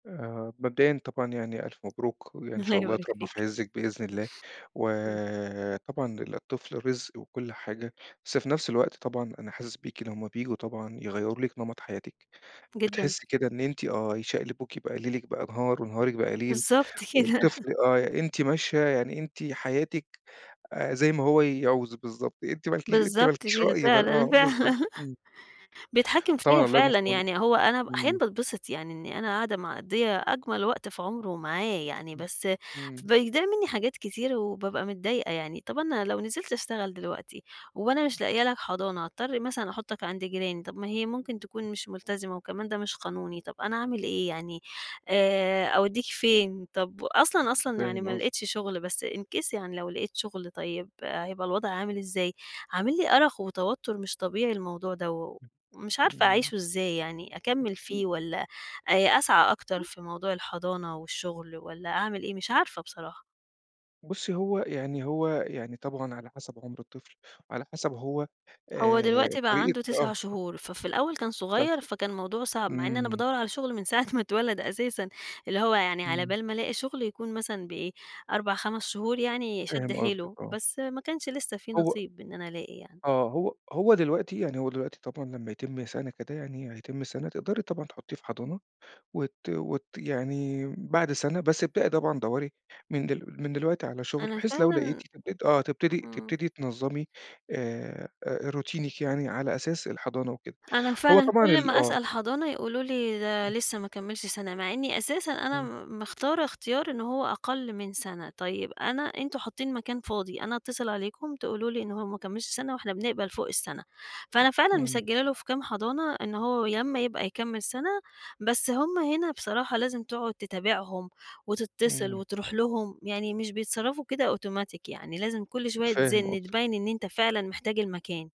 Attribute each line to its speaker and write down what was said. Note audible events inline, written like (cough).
Speaker 1: آآ مبدئيًا طبعًا يعني ألف مبروك، وإن
Speaker 2: الله
Speaker 1: شاء الله
Speaker 2: يبارك
Speaker 1: يتربّى في
Speaker 2: فيك.
Speaker 1: عزِّك بإذن الله،
Speaker 2: إمم.
Speaker 1: وطبعًا الطفل رزق وكل حاجة، بس في نَفس الوقت طبعًا أنا حاسس بيكِ لمّا بييجوا طبعًا يغيَّروا لِك نمَط حياتِك،
Speaker 2: جدًا.
Speaker 1: بتحسّي كده إن أنتِ آه يشقلبوكِ بقى، ليلِك بقى نهار، ونهارِك بقي ليل،
Speaker 2: بالضبط كده.
Speaker 1: والطفل
Speaker 2: (laughs)
Speaker 1: آه أنتِ ماشية يعني، أنتِ حياتِك آآ زي ما هو يعوز بالضبط، أنتِ ما لكي أنتِ ما
Speaker 2: بالضبط
Speaker 1: لكيش
Speaker 2: كده
Speaker 1: رأي بال
Speaker 2: فعلًا،
Speaker 1: آه بالضبط
Speaker 2: فعلًا، (laughs)
Speaker 1: إمم.
Speaker 2: بيتحكّم فيّا
Speaker 1: فطبعًا الله يكون
Speaker 2: فعلًا
Speaker 1: في عَونِك.
Speaker 2: يعني. هو أنا ب
Speaker 1: إمم.
Speaker 2: أحيانًا باتبسِط يعني إنّي أنا قاعدة مقضيّة أجمل وقت في عُمره معاه يعني،
Speaker 1: إمم
Speaker 2: بس
Speaker 1: إمم.
Speaker 2: بيضيع منّي حاجات كتير وبابقى متضايقة يعني. طَب أنا لو نزِلت أشتغل دلوقتي وأنا مش لاقية لك حضانة، هاضطر مثلًا أحُطّك عَند جيراني، طَب ما هي ممكن تكون مش ملتزمة، وكمان ده مش قانوني، طَب أنا أعمل إيه يعني، آآ أودّيك فين؟ طَب وأصلًا، أصلًا يعني
Speaker 1: فاهم
Speaker 2: ما
Speaker 1: قصدِك.
Speaker 2: لقيتش شُغل، بس in case يعني لو لقيت شُغل، طيّب هيبقى الوضع عامل إزاي؟ عامل لي أرق وتوتر مش طبيعي الموضوع دَوّة، و ومش عارفة
Speaker 1: إمم.
Speaker 2: أعيشه إزاي يعني، أكمّل فيه والّا آآ أسعى أكتر في موضوع الحضانة والشغل والّا أعمل إيه؟ مش عارفة بصراحة.
Speaker 1: بُصّي هو يعني هو يعني طبعًا وعلى حَسَب عُمر الطفل، على حَسَب هو
Speaker 2: هو
Speaker 1: آآ،
Speaker 2: دلوقتي بقى
Speaker 1: طريقة
Speaker 2: عنده
Speaker 1: آه.
Speaker 2: 9 شهور، ففي الأول كان
Speaker 1: 9
Speaker 2: صغير،
Speaker 1: شهور
Speaker 2: فكان الموضوع صَعب مع إنّي أنا
Speaker 1: .إمم.
Speaker 2: بادوّر على شُغل من ساعة ما اتولد أساسًا، اللي هو يعني على
Speaker 1: إمم.
Speaker 2: بال ما ألاقي شُغل يكون مثلًا ب إيه 4 5 شهور يعني شَد
Speaker 1: فاهم قصدِك
Speaker 2: حيله،
Speaker 1: آه.
Speaker 2: بس ما كانش لسّه في
Speaker 1: هو
Speaker 2: نصيب إن أنا ألاقي يعني.
Speaker 1: آه، هو هو دلوقتي يعني، هو دلوقتي طبعًا لمّا يتم سَنة كده يعني، هيتم سَنة تقدَري طبعًا تحطّيه في حضانة، وت وت يعني بَعد سنة. بس ابدئي طبعًا دوَّري من دل من دلوقتي على شُغل،
Speaker 2: أنا
Speaker 1: بحيث لو لقيتِ
Speaker 2: فعلًا
Speaker 1: تبت آه تبتدي
Speaker 2: إمم.
Speaker 1: تبتدي تنظّمي آآ، آآ روتينaك يعني على أساس الحضانة وكده.
Speaker 2: أنا
Speaker 1: هو
Speaker 2: فعلًا
Speaker 1: طبعًا
Speaker 2: كل
Speaker 1: ال
Speaker 2: ما
Speaker 1: آه.
Speaker 2: أسأل حضانة يقولوا لي ده
Speaker 1: إمم.
Speaker 2: لسّه ما كمّلش سَنة، مع إنّي أساسًا أنا
Speaker 1: إمم.
Speaker 2: م مختارة اختيار إن هو أقل من سَنة. طيّب أنا أنتم حاطّين مكان فاضي، أنا أتصل عليكم تقولوا لي إن هو ما كمّلش سَنة واحنا بنقبل فوق السَنة. فأنا فعلًا
Speaker 1: إمم.
Speaker 2: مسجّلة له في كام حضانة إن هو ي لمّا يبقى يكمّل سَنة، بس همَّ هنا بصراحة لازم تقعُد تتابعهم وتتصل
Speaker 1: إمم.
Speaker 2: وتروح لهم يعني، مش بيتصرّفوا كده أوتوماتيك يعني، لازم كل شوية
Speaker 1: فاهم
Speaker 2: تزِن
Speaker 1: قصدِك.
Speaker 2: تبيّن إن أنت فعلًا محتاج المكان.